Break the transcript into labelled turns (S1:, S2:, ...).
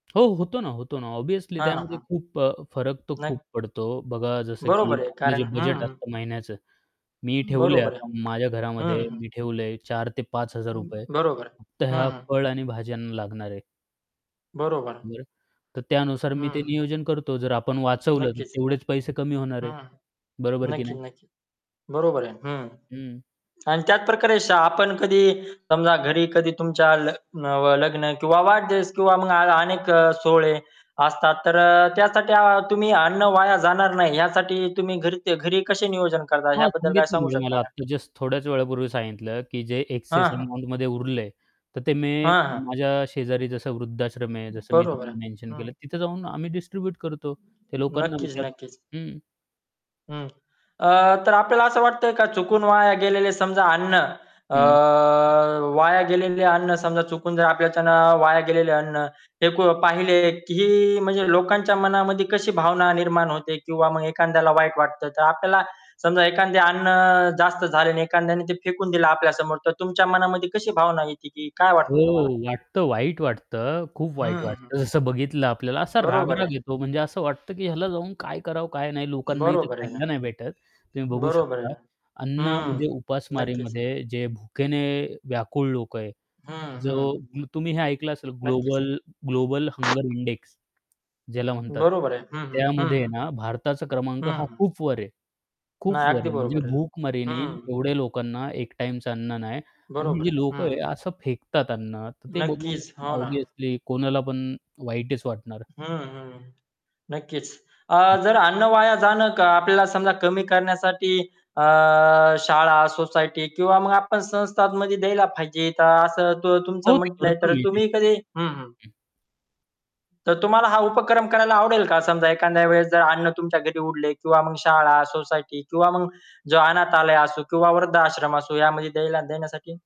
S1: हो. होतो ना, होतो ना ऑब्वियसली
S2: हां,
S1: त्यामध्ये
S2: हां.
S1: खूप अ, फरक तर
S2: न
S1: खूप पडतो. बघा जसं की
S2: बरोबर आहे,
S1: आपलं
S2: कारण
S1: जे बजेट
S2: हं.
S1: असतं महिन्याचं मी ठेवलंय,
S2: बरोबर आहे.
S1: आता माझ्या घरामध्ये
S2: हं.
S1: मी ठेवलं आहे ₹4000 ते ₹5000 रुपये
S2: बरोबर आहे.
S1: फक्त
S2: हं,
S1: ह्या
S2: हं.
S1: फळ आणि भाज्यांना लागणार आहे.
S2: बरोबर.
S1: बरं, तर त्यानुसार मी ते
S2: हं.
S1: नियोजन करतो जर आपण वाचवलं, तर
S2: नक्कीच.
S1: तेवढेच पैसे कमी होणार आहे.
S2: हं.
S1: बरोबर की
S2: नक्की,
S1: नाही?
S2: नक्की. बरोबर आहे. हं.
S1: हं.
S2: आणि त्याच प्रकारे आपण कधी समजा घरी कधी तुमच्या लग नव लग्न किंवा वाढदिवस किंवा अ अनेक अ, सोहळे असतात तर अ, त्यासाठी अ, तुम्ही अन्न वाया जाणार नाही यासाठी तुम्ही घरी घरी कसे नियोजन करता
S1: हां,
S2: याबद्दल काय
S1: सांगितलेल
S2: सांगू शकता
S1: मला
S2: का?
S1: आता जस्ट थोड्याच वेळापूर्वी सांगितलं, की जे एक्सेस
S2: हां, हां.
S1: अमाउंटमध्ये उरले, तर ते मी
S2: हां, हां.
S1: माझ्या शेजारी जसं वृद्धाश्रम आहे जसं मी
S2: बरोबर आहे.
S1: तुम्हाला मेन्शन
S2: हं.
S1: केलं तिथं जाऊन आम्ही डिस्ट्रीब्यूट करतो ते लोकांना
S2: नक्कीच,
S1: विचाराव.
S2: नक्कीच.
S1: हं
S2: हं. अ, तर आपल्याला असं वाटतंय का, चुकून वाया गेलेले समजा अन्न अ,
S1: हं.
S2: वाया गेलेले अन्न, समजा चुकून जर आपल्याच्याने वाया गेलेलं अन्न फेकून पाहिले की म्हणजे लोकांच्या मनामध्ये कशी भावना निर्माण होते किंवा मग एखाद्याला वाईट वाटत. तर आपल्याला समजा एखादे अन्न जास्त झाले आणि एखाद्याने ते फेकून दिलं आपल्या समोर तर तुमच्या मनामध्ये कशी भावना येते की काय वाटतं तुम्हाला?
S1: हो, वाटतं, वाईट वाटतं, अ, खूप वाईट
S2: हं, हं.
S1: जसं बघितलं आपल्याला असा
S2: बरोबर
S1: राग-राग
S2: आहे.
S1: येतो म्हणजे असं वाटतं की ह्याला जाऊन काय करावं, काय नाही. लोकांनाही ते
S2: बरोबर आहे ना.
S1: खायला नाही भेटत. तुम्ही बघू
S2: बरोबर आहे
S1: शकता.
S2: ना.
S1: अन्न
S2: हं,
S1: म्हणजे
S2: नक्कीच.
S1: उपासमारीमध्ये जे भुकेने व्याकुळ लोकं आहे,
S2: हं,
S1: जो
S2: हं.
S1: तुम्ही हे ऐकलं असेल
S2: नक्कीच.
S1: ग्लोबल, ग्लोबल हंगर इंडेक्स ज्याला म्हणतात
S2: बरोबर आहे. हं, हं. हं,
S1: त्यामध्ये
S2: हं.
S1: ना भारताचा क्रमांक हा
S2: हं, हं.
S1: खूप वर आहे. खूप
S2: नाही, अगदी
S1: वर म्हणजे
S2: बरोबर आहे.
S1: भूकमारीने
S2: हं.
S1: एवढ्या लोकांना एक टाईमचं अन्न नाही आणि ही
S2: बरोबर
S1: जी
S2: आहे.
S1: लोकं
S2: हं.
S1: आहे असं फेकतात अन्न, तर ते बघून
S2: नक्कीच. हो ना.
S1: ऑब्वियसली कोणाला पण वाईटच वाटणार.
S2: हं, हं. नक्कीच. अ,
S1: हं.
S2: जर अन्न वाया जाणं आपल्याला समजा कमी करण्यासाठी अ, शाळा, सोसायटी किंवा मग आपण संस्थांमध्ये द्यायला पाहिजे. तर असं तू तुमचं
S1: हो, ते
S2: म्हटलंय
S1: करतो
S2: तर
S1: मी ते
S2: तुम्ही
S1: करतो.
S2: कधी हं, हं.
S1: हं.
S2: तर तुम्हाला हा उपक्रम करायला आवडेल का? समजा एखाद्या वेळेस जर अन्न तुमच्या घरी उरले किंवा मग शाळा, सोसायटी किंवा मग जो अनाथालय असो किंवा वृद्ध आश्रम असो यामध्ये द्यायला देण्यासाठी.